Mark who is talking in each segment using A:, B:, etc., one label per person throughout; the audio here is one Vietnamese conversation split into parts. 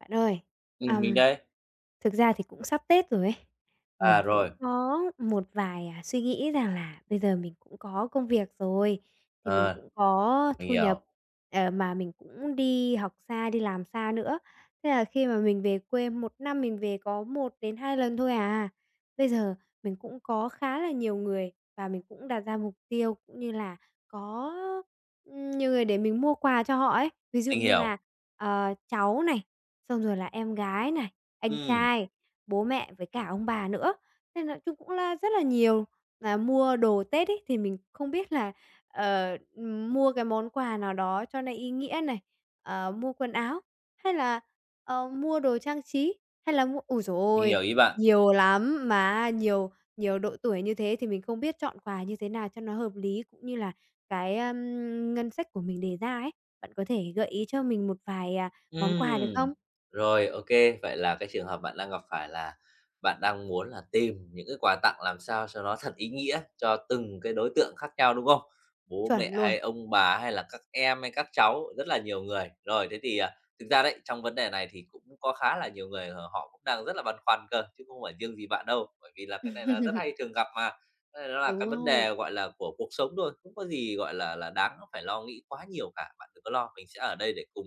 A: Bạn ơi,
B: Ừm, mình
A: ờm,
B: đây.
A: thực ra thì cũng sắp Tết rồi ấy,
B: À,
A: mình cũng
B: rồi.
A: có một vài, à, suy nghĩ rằng là bây giờ mình cũng có công việc rồi, thì mình
B: À.
A: cũng có
B: Mình
A: thu nhập,
B: hiểu.
A: ờ, mà mình cũng đi học xa, đi làm xa nữa, thế là khi mà mình về quê, 1 năm mình về có 1-2 lần thôi à. Bây giờ, mình cũng có khá là nhiều người và mình cũng đặt ra mục tiêu cũng như là có, ừm, nhiều người để mình mua quà cho họ ấy, ví dụ
B: Mình
A: như
B: hiểu.
A: là, ờ, cháu này, xong rồi là em gái này, anh
B: Ừm.
A: trai, bố mẹ với cả ông bà nữa, nên nói chung cũng là rất là nhiều. Mà mua đồ Tết ấy thì mình không biết là, ờ, ừm, mua cái món quà nào đó cho nó ý nghĩa này, ờ, mua quần áo, hay là ờ mua đồ trang trí, hay là mua ôi giời
B: Mình
A: ôi!
B: hiểu ý bạn.
A: Nhiều lắm, mà nhiều nhiều độ tuổi như thế thì mình không biết chọn quà như thế nào cho nó hợp lý, cũng như là cái, ờm, ngân sách của mình đề ra ấy, bạn có thể gợi ý cho mình một vài, à, món
B: Ừm.
A: quà được không?
B: Rồi, OK. Vậy là cái trường hợp bạn đang gặp phải là bạn đang muốn là tìm những ước quà tặng làm sao cho nó thật ý nghĩa, cho từng cái đối tượng khác nhau, đúng không? Bố mẹ
A: Chuẩn luôn.
B: hay ông bà, hay là các em, hay các cháu, rất là nhiều người. Rồi, thế thì, à, thực ra đấy, trong vấn đề này thì cũng có khá là nhiều người h họ cũng đang rất là băn khoăn cơ, chứ không phải riêng gì bạn đâu, bởi vì là cái này là rất hay thường gặp mà. Cái này nó là cái
A: Đúng
B: vấn đề,
A: rồi.
B: gọi là, của cuộc sống thôi, không có gì, gọi là là, đáng phải lo nghĩ quá nhiều cả. Bạn đừng có lo, mình sẽ ở đây để cùng,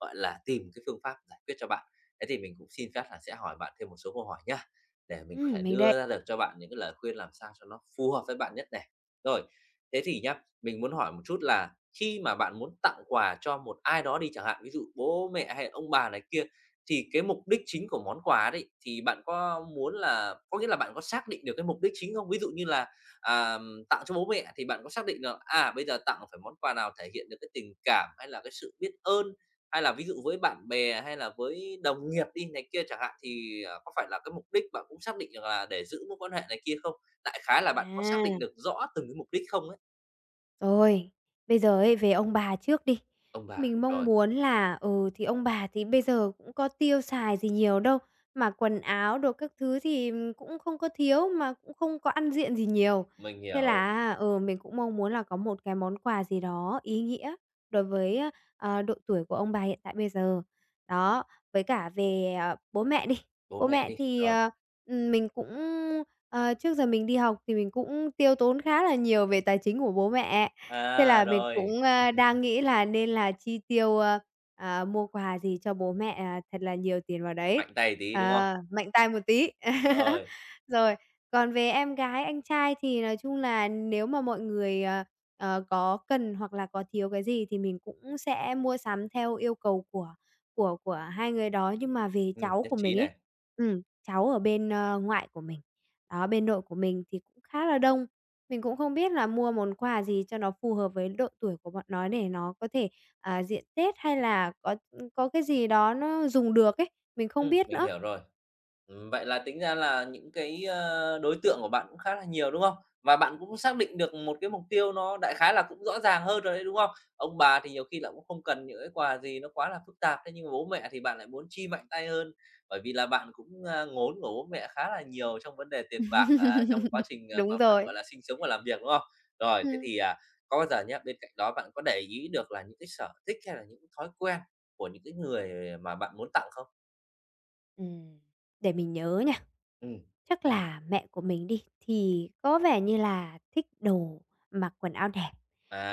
B: gọi là, tìm cái phương pháp giải quyết cho bạn. Thế thì mình cũng xin phép là sẽ hỏi bạn thêm một số câu hỏi nhá, để mình có
A: Ừm,
B: thể
A: mình đây.
B: đưa ra được cho bạn những cái lời khuyên làm sao cho nó phù hợp với bạn nhất này. Rồi, thế thì nhá, mình muốn hỏi một chút là khi mà bạn muốn tặng quà cho một ai đó đi chẳng hạn, ví dụ bố mẹ hay là ông bà này kia, thì cái mục đích chính của món quà đấy, thì bạn có muốn là có nghĩa là bạn có xác định được cái mục đích chính không? Ví dụ như là, à, ừm, tặng cho bố mẹ thì bạn có xác định được, à, bây giờ tặng là phải món quà nào thể hiện được cái tình cảm hay là cái sự biết ơn? Hay là ví dụ với bạn bè hay là với đồng nghiệp đi này kia chẳng hạn, thì, à, có phải là cái mục đích bạn cũng xác định được là để giữ mối quan hệ này kia không? Đại khái là bạn có xác định
A: À!
B: được rõ từng cái mục đích không ấy?
A: Rồi! Bây giờ ấy, về ông bà trước đi,
B: Ông bà,
A: mình mong
B: rồi.
A: muốn là, ừ, thì ông bà thì bây giờ cũng có tiêu xài gì nhiều đâu, mà quần áo đồ các thứ thì, ừm, cũng không có thiếu, mà cũng không có ăn diện gì nhiều.
B: Mình
A: Thế là
B: hiểu.
A: á, ừ, mình cũng mong muốn là có một cái món quà gì đó ý nghĩa, đối với á, ờ, độ tuổi của ông bà hiện tại bây giờ. Đó, với cả về, ờ, bố mẹ đi,
B: Bố
A: bố
B: mẹ
A: mẹ
B: đi,
A: thì,
B: rồi.
A: ờ, ừm, mình cũng, ờ, trước giờ mình đi học thì mình cũng tiêu tốn khá là nhiều về tài chính của bố mẹ, thế
B: À,
A: là mình
B: rồi!
A: cũng, ơ, đang nghĩ là nên là chi tiêu, ơ, à, mua quà gì cho bố mẹ, à, thật là nhiều tiền vào đấy,
B: Mạnh tay tí, đúng không?
A: ờ, mạnh tay một tí.
B: Rồi.
A: Rồi! Còn về em gái, anh trai thì nói chung là nếu mà mọi người, ờ, ờ, có cần hoặc là có thiếu cái gì thì mình cũng sẽ mua sắm theo yêu cầu của của của hai người đó. Nhưng mà về
B: Ừm,
A: cháu
B: nhất
A: của
B: trí
A: mình ấy,
B: này.
A: ừm, cháu ở bên, ơ, ngoại của mình, đó, bên nội của mình thì khá là đông. Mình cũng không biết là mua món quà gì cho nó phù hợp với độ tuổi của bọn nó để nó có thể, à, diện Tết hay là có, ừm, có cái gì đó nó dùng được ấy, mình không
B: Ừm,
A: biết
B: mình
A: nữa.
B: hiểu rồi. Ừm, vậy là tính ra là những cái, ơ, đối tượng của bạn cũng khá là nhiều, đúng không? Và bạn cũng xác định được một cái mục tiêu nó đại khái là cũng rõ ràng hơn rồi ấy, đúng không? Ông bà thì nhiều khi là cũng không cần những cái quà gì nó quá là phức tạp, thế nhưng mà bố mẹ thì bạn lại muốn chi mạnh tay hơn, bởi vì là bạn cũng, ơ, ngốn của bố mẹ khá là nhiều trong vấn đề tiền bạc, à, trong quá trình, ờ,
A: Đúng
B: mà bạn,
A: rồi.
B: gọi là, sinh sống và làm việc, đúng không? Rồi, thế
A: Ừm.
B: thì, à, có bao giờ nhá, bên cạnh đó bạn có để ý được là những cái sở thích hay là những thói quen của những cái người mà bạn muốn tặng không?
A: Ừm. Để mình nhớ nha.
B: Ừm.
A: Chắc là mẹ của mình đi, thì có vẻ như là thích đồ, mặc quần áo đẹp,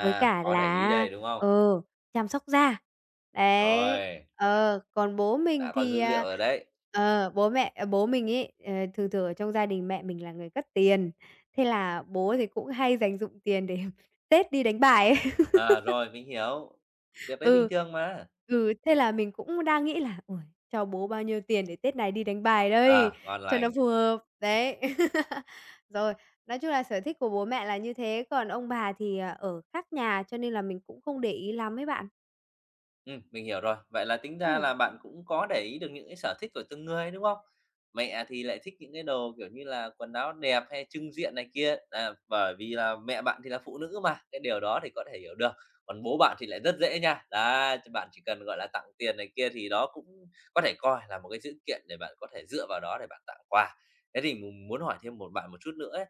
A: với cả
B: Có để
A: là
B: ý
A: á,
B: đây, đúng không?
A: ờ, chăm sóc da. Đấy.
B: Rồi.
A: Ờ, còn bố
B: Đã
A: mình
B: có
A: thì,
B: dữ liệu
A: à,
B: rồi đấy.
A: ờ, bố mẹ ờ, bố mình ấy, ờ, thường thường ở trong gia đình mẹ mình là người cất tiền, thế là bố thì cũng hay dành dụm tiền để Tết đi đánh bài ấy.
B: À, rồi, mình hiểu. Việc đấy bình
A: Ừ.
B: thường mà!
A: Ừ, thế là mình cũng đang nghĩ là "Uầy! Cho bố bao nhiêu tiền để Tết này đi đánh bài đây?
B: À, ngon
A: Cho nó
B: lành.
A: phù hợp?" Đấy, rồi, nói chung là sở thích của bố mẹ là như thế, còn ông bà thì, à, ở khác nhà, cho nên là mình cũng không để ý lắm ấy bạn.
B: Ừm, mình hiểu rồi. Vậy là tính ra
A: Ừm.
B: là bạn cũng có để ý được những cái sở thích của từng người, đúng không? Mẹ thì lại thích những cái đồ, kiểu như là, quần áo đẹp hay chưng diện này kia, nà bởi vì là mẹ bạn thì là phụ nữ mà, cái điều đó thì có thể hiểu được. Còn bố bạn thì lại rất dễ nha, đá, cho bạn chỉ cần, gọi là, tặng tiền này kia, thì đó cũng có thể coi là một cái dữ kiện để bạn có thể dựa vào đó để bạn tặng quà. Thế thì mình muốn hỏi thêm một bạn một chút nữa ấy,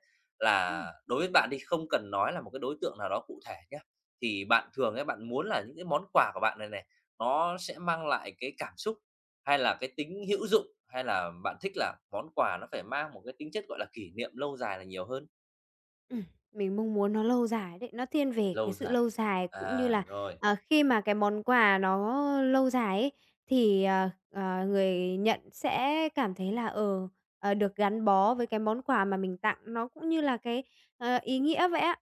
A: Ừm.
B: là đối với bạn đi, không cần nói là một cái đối tượng nào đó cụ thể nhá, thì bạn thường ấy, bạn muốn là những cái món quà của bạn này này, nó sẽ mang lại cái cảm xúc, hay là cái tính hữu dụng? Hay là bạn thích là món quà nó phải mang một cái tính chất, gọi là, kỷ niệm lâu dài là nhiều hơn?
A: Ừm, mình mong muốn nó lâu dài đấy, nó thiên về cái
B: Lâu
A: sự
B: dài.
A: lâu dài cũng như
B: À,
A: là,
B: rồi.
A: ờ, khi mà cái món quà nó lâu dài ấy, thì, ờ, ờ, người nhận sẽ cảm thấy là, ờ, ờ, được gắn bó với cái món quà mà mình tặng nó cũng như là cái, ờ, ý nghĩa vậy á.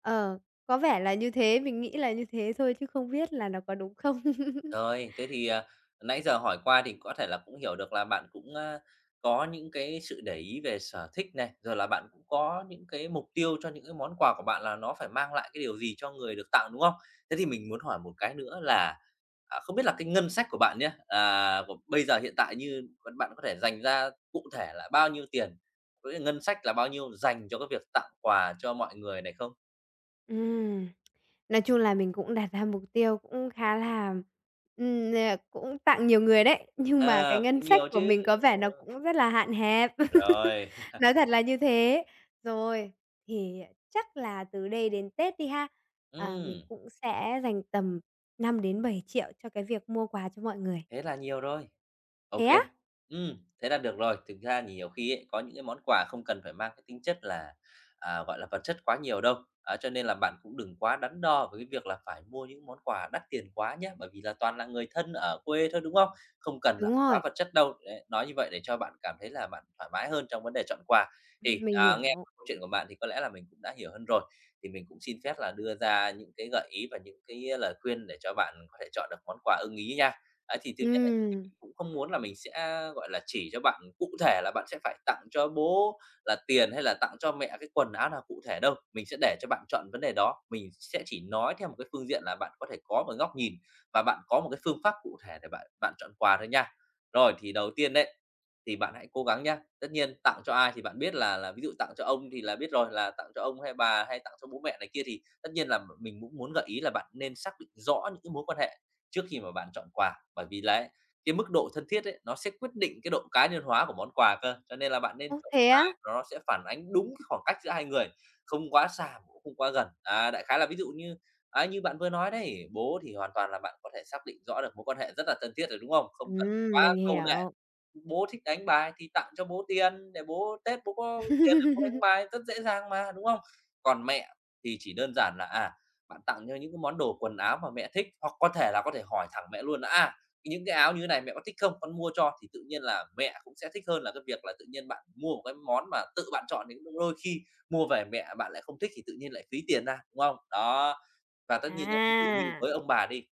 A: Ờ, có vẻ là như thế, mình nghĩ là như thế thôi chứ không biết là nó có đúng không.
B: Rồi, thế thì, à, nãy giờ hỏi qua thì có thể là cũng hiểu được là bạn cũng, a, có những cái sự để ý về sở thích này, rồi là bạn cũng có những cái mục tiêu cho những cái món quà của bạn là nó phải mang lại cái điều gì cho người được tặng, đúng không? Thế thì mình muốn hỏi một cái nữa là, à, không biết là cái ngân sách của bạn nhé à, của bây giờ hiện tại như còn bạn có thể dành ra cụ thể là bao nhiêu tiền? Có nghĩa ngân sách là bao nhiêu dành cho cái việc tặng quà cho mọi người này không?
A: Ừm. Nói chung là mình cũng đạt ra mục tiêu cũng khá là ừm, ờ, cũng tặng nhiều người đấy, nhưng mà cái
B: À,
A: ngân
B: cũng
A: sách
B: nhiều
A: của mình
B: chứ.
A: có vẻ nó
B: Ừm.
A: cũng rất là hạn hẹp.
B: Rồi.
A: Nói thật là như thế. Rồi. Thì chắc là từ đây đến Tết đi ha, à, mình
B: Ừm.
A: cũng sẽ dành tầm 5 đến 7 triệu cho cái việc mua quà cho mọi người.
B: Thế là nhiều rồi. Ô
A: Thế á?
B: kê. Ừm, thế là được rồi. Thực ra nhiều khi ấy, có những cái món quà không cần phải mang cái tính chất là, à, gọi là, vật chất quá nhiều đâu. Á, cho nên là bạn cũng đừng quá đắn đo với cái việc là phải mua những món quà đắt tiền quá nhá, bởi vì là toàn là người thân ở quê thôi, đúng không? Không cần là
A: Đúng
B: phải quá
A: rồi.
B: vật chất đâu. Đấy, nói như vậy để cho bạn cảm thấy là bạn thoải mái hơn trong vấn đề chọn quà. Thì,
A: Ừm, mình
B: à, nghe
A: hiểu.
B: câu chuyện của bạn thì có lẽ là mình cũng đã hiểu hơn rồi, thì mình cũng xin phép là đưa ra những cái gợi ý và những cái lời khuyên để cho bạn có thể chọn được món quà ưng ý nha. Ấy, thì thứ nhất là mình
A: Ừm.
B: cũng không muốn là mình sẽ, gọi là, chỉ cho bạn cụ thể là bạn sẽ phải tặng cho bố là tiền hay là tặng cho mẹ cái quần áo nào cụ thể đâu. Mình sẽ để cho bạn chọn vấn đề đó, mình sẽ chỉ nói theo một cái phương diện là bạn có thể có một góc nhìn và bạn có một cái phương pháp cụ thể để bạn bạn chọn quà thôi nha. Rồi, thì đầu tiên đấy. Thì bạn hãy cố gắng nhé. Tất nhiên tặng cho ai thì bạn biết là là ví dụ tặng cho ông thì là biết rồi, là tặng cho ông hay bà hay tặng cho bố mẹ này kia thì tất nhiên là m mình cũng muốn gợi ý là bạn nên xác định rõ những cái mối quan hệ trước khi mà bạn chọn quà. Bởi vì là ấy, cái mức độ thân thiết ấy, nó sẽ quyết định cái độ cá nhân hóa của món quà cơ, cho nên là bạn nên
A: Ô,
B: chọn
A: thế
B: quà
A: á?
B: nó sẽ phản ánh đúng cái khoảng cách giữa hai người, không quá xa cũng không quá gần. À, đại khái là ví dụ như á như bạn vừa nói đấy, bố thì hoàn toàn là bạn có thể xác định rõ được mối quan hệ rất là thân thiết rồi, đúng không? Không cần
A: Ừm,
B: quá
A: mình
B: cầu nệ.
A: hiểu.
B: Bố thích đánh bài thì tặng cho bố tiền, để bố Tết bố có tiền để bố đánh bài rất dễ dàng mà, đúng không? Còn mẹ thì chỉ đơn giản là, à, bạn tặng cho những cái món đồ quần áo mà mẹ thích, hoặc có thể là có thể hỏi thẳng mẹ luôn là "À, những cái áo như thế này mẹ có thích không? Con mua cho." Thì tự nhiên là mẹ cũng sẽ thích hơn là cái việc là tự nhiên bạn mua một cái món mà tự bạn chọn thì cũng [unintelligible] đôi khi mua về mẹ bạn lại không thích thì tự nhiên lại phí tiền ra, đúng không? Đó. Và tất nhiên nhá ví dụ như
A: À.
B: với ông bà đi.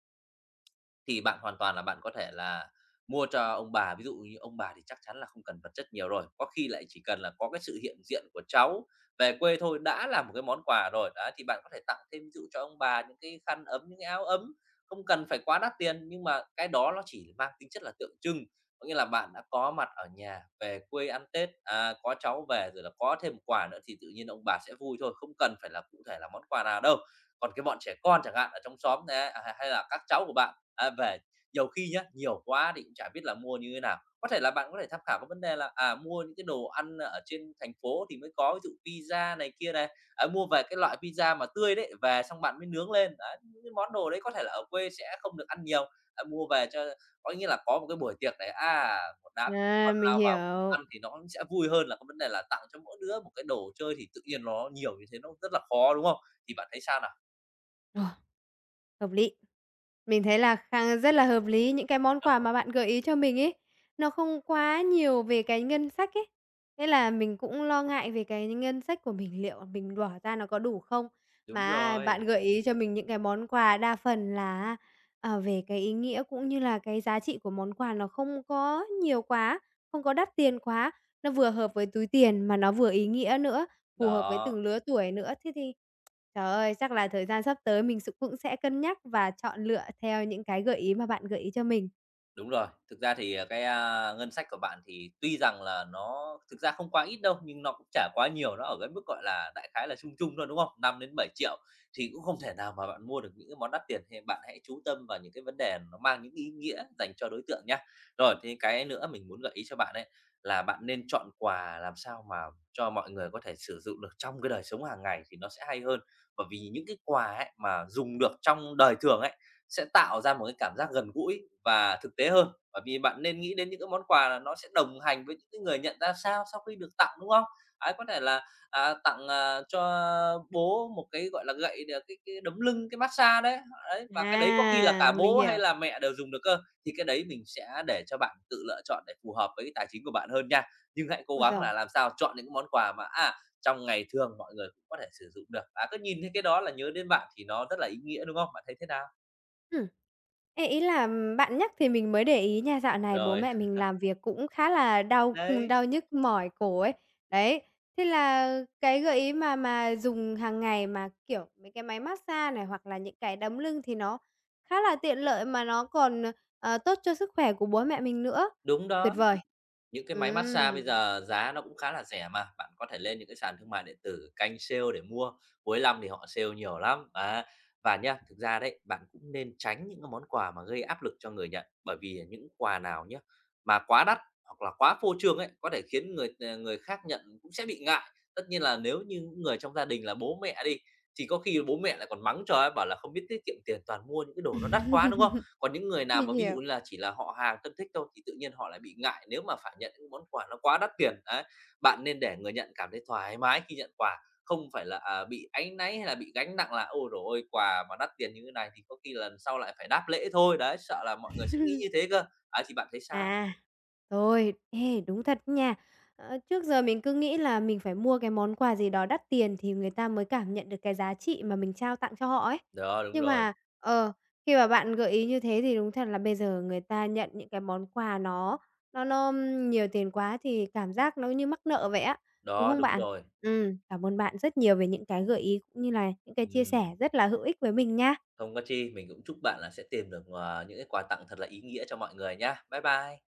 B: Thì bạn hoàn toàn là bạn có thể là mua cho ông bà, ví dụ như ông bà thì chắc chắn là không cần vật chất nhiều rồi, có khi lại chỉ cần là có cái sự hiện diện của cháu về quê thôi đã là một cái món quà rồi. Đấy, thì bạn có thể tặng thêm ví dụ cho ông bà những cái khăn ấm, những cái áo ấm, không cần phải quá đắt tiền nhưng mà cái đó nó chỉ mang tính chất là tượng trưng, có nghĩa là bạn đã có mặt ở nhà về quê ăn Tết, à, có cháu về rồi là có thêm một quà nữa thì tự nhiên ông bà sẽ vui thôi, không cần phải là cụ thể là món quà nào đâu. Còn cái bọn trẻ con chẳng hạn ở trong xóm nè, à, h-hay là các cháu của bạn, à, về, nhiều khi nhá, nhiều quá thì cũng chả biết là mua như thế nào. Có thể là bạn có thể tham khảo cái vấn đề là, à, mua những cái đồ ăn ở trên thành phố thì mới có ví dụ pizza này kia nè, à, mua về cái loại pizza mà tươi đấy, về xong bạn mới nướng lên, đấy, những cái món đồ đấy có thể là ở quê sẽ không được ăn nhiều. À, mua về cho có nghĩa là có một cái buổi tiệc này, à, một đám trẻ
A: À,
B: con
A: mình
B: lao vào cùng
A: hiểu.
B: ăn thì nó cũng sẽ vui hơn là cái vấn đề là tặng cho mỗi đứa một cái đồ chơi, thì tự nhiên nó nhiều như thế nó rất là khó, đúng không? Thì bạn thấy sao nào?
A: Ờ. Hợp lý! Mình thấy là khang rất là hợp lý, những cái món quà mà bạn gợi ý cho mình ấy, nó không quá nhiều về cái ngân sách ấy. Thế là mình cũng lo ngại về cái ngân sách của mình, liệu là mình bỏ ra nó có đủ không?
B: Đúng
A: Mà á,
B: rồi.
A: bạn gợi ý cho mình những cái món quà đa phần là á, ờ, về cái ý nghĩa, cũng như là cái giá trị của món quà nó không có nhiều quá, không có đắt tiền quá, nó vừa hợp với túi tiền mà nó vừa ý nghĩa nữa, phù hợp với
B: Đó.
A: từng lứa tuổi nữa. Thế thì, trời ơi, chắc là thời gian sắp tới mình s cũng sẽ cân nhắc và chọn lựa theo những cái gợi ý mà bạn gợi ý cho mình.
B: Đúng rồi! Thực ra thì, à, cái, a, ngân sách của bạn thì tuy rằng là nó thực ra không quá ít đâu, nhưng nó cũng chả quá nhiều, nó ở cái mức, gọi là, đại khái là trung trung thôi, đúng không? 5.000.000-7.000.000 thì cũng không thể nào mà bạn mua được những cái món đắt tiền, thì bạn hãy chú tâm vào những cái vấn đề nó mang những cái ý nghĩa dành cho đối tượng nhá. Rồi, thêm cái nữa mình muốn gợi ý cho bạn ấy, là bạn nên chọn quà làm sao mà cho mọi người có thể sử dụng được trong cái đời sống hàng ngày thì nó sẽ hay hơn, bởi vì những cái quà ấy mà dùng được trong đời thường ấy, sẽ tạo ra một cái cảm giác gần gũi và thực tế hơn. Bởi vì bạn nên nghĩ đến những cái món quà là nó sẽ đồng hành với những cái người nhận ra sao sau khi được tặng, đúng không? Đấy, có thể là, à, tặng, à, cho bố một cái, gọi là, gậy được cái cái đấm lưng, cái massage đấy ấy, và cái đấy có khi là cả
A: À, mình
B: bố hay
A: hiểu.
B: là mẹ đều dùng được cơ. Thì cái đấy mình sẽ để cho bạn tự lựa chọn để phù hợp với tài chính của bạn hơn nha, nhưng hãy cố
A: Ôi
B: gắng
A: giời!
B: là làm sao chọn những cái món quà mà, à, trong ngày thường mọi người cũng có thể sử dụng được. À, cứ nhìn thấy cái đó là nhớ đến bạn thì nó rất là ý nghĩa, đúng không? Bạn thấy thế nào?
A: Ừm. Ê, ý là, bạn nhắc thì mình mới để ý nha, dạo này bố
B: Rồi.
A: mẹ mình làm việc cũng khá là đau, ừm,
B: Đấy.
A: đau nhức mỏi cổ ấy. Đấy, thế là cái gợi ý mà mà dùng hàng ngày mà, kiểu, mấy cái máy mát xa này hoặc là những cái đấm lưng thì nó khá là tiện lợi, mà nó còn, ờ, tốt cho sức khỏe của bố mẹ mình nữa.
B: Đúng
A: Tuyệt
B: đó.
A: vời!
B: Những cái máy mát xa bây
A: Ừm.
B: giờ giá nó cũng khá là rẻ mà. Bạn có thể lên những cái sàn thương mại điện tử, canh sale để mua, cuối lăm thì họ sale nhiều lắm, á. Và nhá, thực ra đấy, bạn cũng nên tránh những cái món quà mà gây áp lực cho người nhận, bởi vì những quà nào nhá mà quá đắt hoặc là quá phô trương ấy, có thể khiến người người khác nhận cũng sẽ bị ngại. Tất nhiên là nếu như những người trong gia đình là bố mẹ đi, thì có khi bố mẹ lại còn mắng cho ấy, bảo là "Không biết tiết kiệm tiền, toàn mua những cái đồ nó đắt quá" Đúng không? Còn những người nào
A: Mình
B: mà ví dụ
A: hiểu.
B: như là chỉ là họ hàng thân thích thôi thì tự nhiên họ lại bị ngại nếu mà phải nhận những món quà nó quá đắt tiền, đấy. Bạn nên để người nhận cảm thấy thoải mái khi nhận quà, không phải là, à, bị áy náy hay là bị gánh nặng là "Ôi, trời ơi, quà mà đắt tiền như thế này thì có khi lần sau lại phải đáp lễ thôi." Đấy, sợ là mọi người sẽ nghĩ như thế cơ. Ấy, thì bạn thấy sao?
A: À, rồi, ê, đúng thật nha. Ờ, trước giờ mình cứ nghĩ là mình phải mua cái món quà gì đó đắt tiền thì người ta mới cảm nhận được cái giá trị mà mình trao tặng cho họ ấy.
B: Đó, đúng
A: Nhưng
B: rồi.
A: mà ờ, khi mà bạn gợi ý như thế thì đúng thật là bây giờ người ta nhận những cái món quà nó nó nó nhiều tiền quá thì cảm giác nó như mắc nợ vậy á, đúng
B: Đó,
A: không
B: đúng
A: bạn?
B: rồi.
A: Ừm, cảm ơn bạn rất nhiều về những cái gợi ý cũng như là những cái chia sẻ
B: Ừm.
A: rất là hữu ích với mình nha.
B: Không có chi, mình cũng chúc bạn là sẽ tìm được, ờ, những cái quà tặng thật là ý nghĩa cho mọi người nhá. Bye bye!